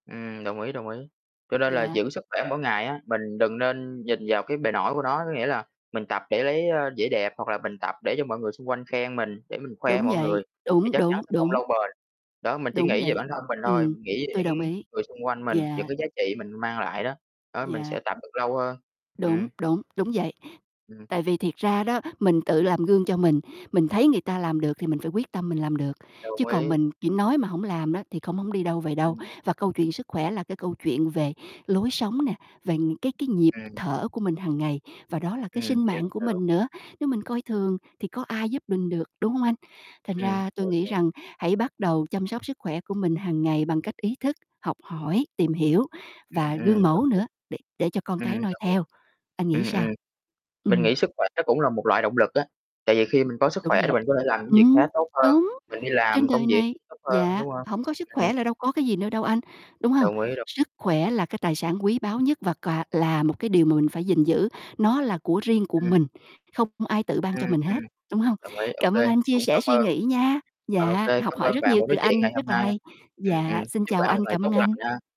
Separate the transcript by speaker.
Speaker 1: Ừm, đồng ý, đồng ý. Cho nên là
Speaker 2: Dạ.
Speaker 1: giữ sức khỏe mỗi ngày á, mình đừng nên nhìn vào cái bề nổi của nó, có nghĩa là mình tập để lấy, a, vẻ đẹp, hoặc là mình tập để cho mọi người xung quanh khen mình, để mình khoe
Speaker 2: Đúng
Speaker 1: mọi người
Speaker 2: vậy.
Speaker 1: thì
Speaker 2: Đúng,
Speaker 1: chắc chắn
Speaker 2: đúng,
Speaker 1: sẽ không
Speaker 2: đúng.
Speaker 1: lâu bền. Đó, mình chỉ
Speaker 2: Đúng
Speaker 1: nghĩ về
Speaker 2: vậy.
Speaker 1: bản thân mình thôi,
Speaker 2: Ừm,
Speaker 1: mình nghĩ về
Speaker 2: tui
Speaker 1: những
Speaker 2: đồng ý.
Speaker 1: người xung quanh mình,
Speaker 2: Dạ.
Speaker 1: những cái giá trị mình mang lại đó. Đó, mình
Speaker 2: Dạ.
Speaker 1: sẽ tập được lâu hơn.
Speaker 2: Đúng,
Speaker 1: Ừm.
Speaker 2: đúng, đúng vậy.
Speaker 1: Ừm.
Speaker 2: Tại vì thiệt ra đó, mình tự làm gương cho mình, mình thấy người ta làm được thì mình phải quyết tâm mình làm được, chứ
Speaker 1: Đồng
Speaker 2: còn
Speaker 1: ý.
Speaker 2: mình chỉ nói mà hổng làm đó thì không hổng đi đâu về đâu.
Speaker 1: Ừm.
Speaker 2: Và câu chuyện sức khỏe là cái câu chuyện về lối sống nè, về những cái cái nhịp
Speaker 1: Ừm.
Speaker 2: thở của mình hằng ngày và đó là cái
Speaker 1: Ừm,
Speaker 2: sinh
Speaker 1: hiểu,
Speaker 2: mạng của
Speaker 1: đúng.
Speaker 2: mình nữa. Nếu mình coi thường thì có ai giúp mình được, đúng hông anh? Thành
Speaker 1: Ừm,
Speaker 2: ra tôi
Speaker 1: hiểu,
Speaker 2: nghĩ
Speaker 1: hiểu.
Speaker 2: rằng hãy bắt đầu chăm sóc sức khỏe của mình hàng ngày bằng cách ý thức, học hỏi, tìm hiểu và
Speaker 1: Ừm,
Speaker 2: gương mẫu nữa để để cho con
Speaker 1: ừm, đồng ý. Ừm,
Speaker 2: cái noi
Speaker 1: đồng ý.
Speaker 2: theo. Anh nghĩ
Speaker 1: Ừm,
Speaker 2: sao?
Speaker 1: ừm. Mình
Speaker 2: Ừm.
Speaker 1: nghĩ sức khỏe nó cũng là một loại động lực á. Tại vì khi mình có sức
Speaker 2: Đúng
Speaker 1: khỏe thì
Speaker 2: vậy.
Speaker 1: mình có thể làm những việc
Speaker 2: Ừm,
Speaker 1: khác tốt hơn,
Speaker 2: đúng.
Speaker 1: mình đi
Speaker 2: Trên
Speaker 1: làm công
Speaker 2: đời
Speaker 1: việc
Speaker 2: này
Speaker 1: cũng tốt hơn
Speaker 2: dạ
Speaker 1: đúng hông?
Speaker 2: hổng có sức
Speaker 1: Ừm.
Speaker 2: khỏe là đâu có cái gì nữa đâu anh, đúng hông?
Speaker 1: Đồng ý, đồng ý.
Speaker 2: Sức khỏe là cái tài sản quý báu nhất và cà là một cái điều mà mình phải gìn giữ, nó là của riêng của
Speaker 1: Ừm.
Speaker 2: mình, không ai tự ban
Speaker 1: Ừm,
Speaker 2: cho mình
Speaker 1: ừm.
Speaker 2: hết, đúng hông?
Speaker 1: Đồng ý, ô
Speaker 2: Cảm ơn
Speaker 1: kê,
Speaker 2: anh chia
Speaker 1: cũng
Speaker 2: sẻ
Speaker 1: cảm
Speaker 2: suy
Speaker 1: ơn
Speaker 2: nghĩ nha.
Speaker 1: ô
Speaker 2: Dạ,
Speaker 1: kê,
Speaker 2: học
Speaker 1: cảm
Speaker 2: hỏi
Speaker 1: ơn
Speaker 2: rất
Speaker 1: bạn
Speaker 2: nhiều
Speaker 1: buổi
Speaker 2: từ
Speaker 1: nói chuyện
Speaker 2: anh,
Speaker 1: ngày hôm
Speaker 2: rất là
Speaker 1: nay.
Speaker 2: hay.
Speaker 1: Ừm,
Speaker 2: Dạ,
Speaker 1: ừm.
Speaker 2: xin
Speaker 1: Chúc
Speaker 2: chào
Speaker 1: bạn
Speaker 2: anh,
Speaker 1: một ngày
Speaker 2: cảm
Speaker 1: tốt
Speaker 2: ơn
Speaker 1: lành nha.
Speaker 2: anh.